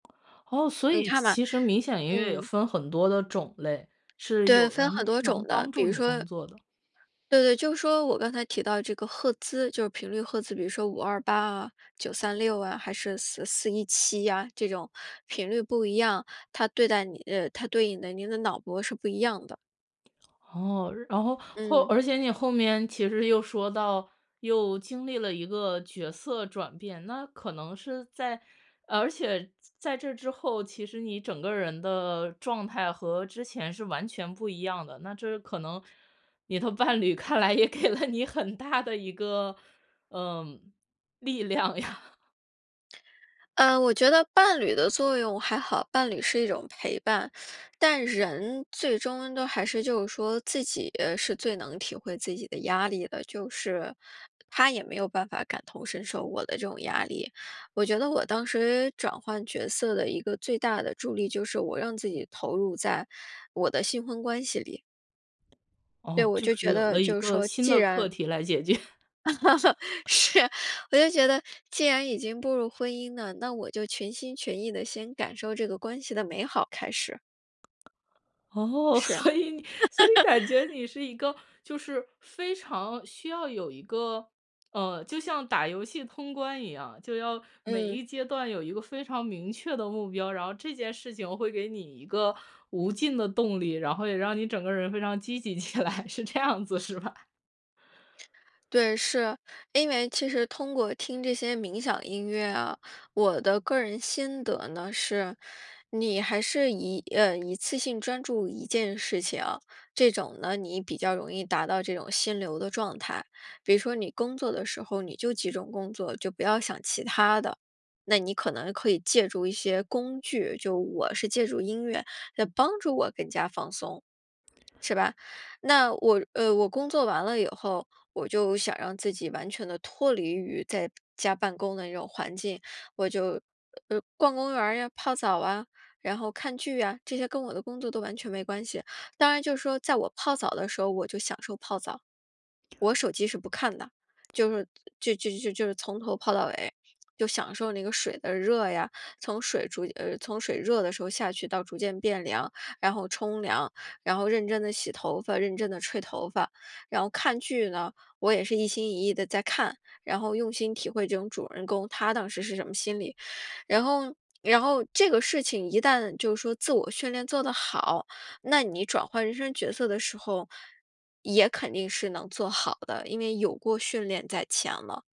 哦，所嗯，以其看吧，其实冥想音乐也嗯。分很多的种类，是对，有分人很呢是多能种的，帮比助如你工说作的。对对，就说我刚才提到这个赫兹，就是频率赫兹，比如说528啊，936啊，还是4417啊，这种频率不一样，它对待你呃，它对应你的你的脑波是不一样的。哦，然后，或嗯。而且你后面其实又说到，又经历了一个角色转变。那可能是在而且在这之后，其实你整个人的状态和之前是完全不一样的，那这可能你的伴侣看来也给了你很大的一个，呃，力量呀。呃，我觉得伴侣的作用还好，伴侣是一种陪伴。但人最终都还是就是说自己是最能体会自己的压力的，就是他也没有办法感同身受我的这种压力。我觉得我当时转换角色的一个最大的助力就是我让自己投入在我的新婚关系里。对，哦，我就就是觉有得了一就是个说，新既的课然题来解决。是，我就觉得既然已经步入婚姻了，那我就全心全意地先感受这个关系的美好开始。哦，是。所以你所以感觉 你是一个，就是非常需要有一个呃，就像打游戏通关一样，就要每嗯。一阶段有一个非常明确的目标，然后这件事情会给你一个无尽的动力，然后也让你整个人非常积极起来，是这样子是吧？对，是。因为其实通过听这些冥想音乐啊，我的个人心得呢，是你还是一呃，一次性专注一件事情。这种呢你比较容易达到这种心流的状态。比如说你工作的时候，你就集中工作，就不要想其它的，那你可能可以借助一些工具，就我是借助音乐来帮助我更加放松，是吧？那我呃，我工作完了以后，我就想让自己完全地脱离于在家办公的那种环境。我就，呃，逛公园儿呀，泡澡啊，然后看剧呀，这些跟我的工作都完全没关系。当然就是说在我泡澡的时候我就享受泡澡，我手机是不看的，就是就就就就是从头泡到尾，就享受那个水的热呀。从水逐渐呃，从水热的时候下去到逐渐变凉，然后冲凉，然后认真地洗头发，认真地吹头发。然后看剧呢，我也是一心一意地在看，然后用心体会这种主人公，他当时是什么心理。然后然后这个事情一旦就是说自我训练做得好，那你转换人生角色的时候，也肯定是能做好的，因为有过训练在前了。